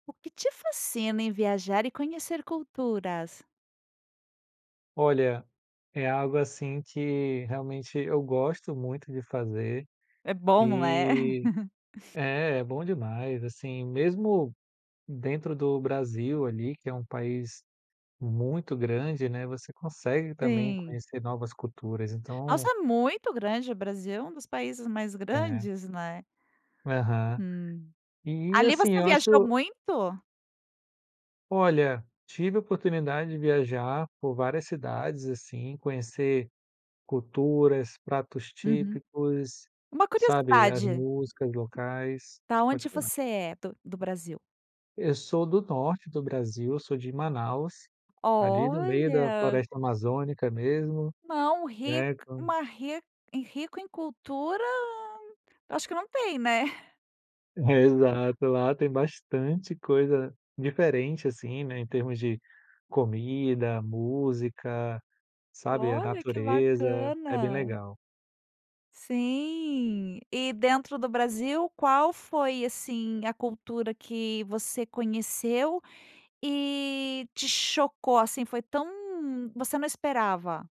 O que te fascina em viajar e conhecer culturas? Olha, é algo assim que realmente eu gosto muito de fazer, É bom, não é? eh é, é bom demais, assim. Mesmo dentro do Brasil ali, que é um país muito grande, né, você consegue também Sim. conhecer novas culturas, Nossa, então é muito grande o Brasil é um dos países mais É. grandes, né? Aham. Hum. E Ali assim, você eu acho que viajou eu muito? Olha, tive a oportunidade de viajar por várias cidades, assim, conhecer culturas, pratos Uhum. típicos, Uma sabe, as curiosidade: músicas locais, Da pode onde falar. você é do do Brasil? Eu sou do norte do Brasil. Sou de Manaus, ali do meio da Olha! floresta amazônica mesmo, Não, ric né, como uma ric rico em cultura, eu acho que não tem, né? É, exato. Lá tem bastante coisa diferente assim, né, em termos de comida, música, sabe, a Olha, que natureza, é bem bacana. legal. Sim, e dentro do Brasil qual foi, assim, a cultura que você conheceu e te chocou, assim, foi tão você não esperava?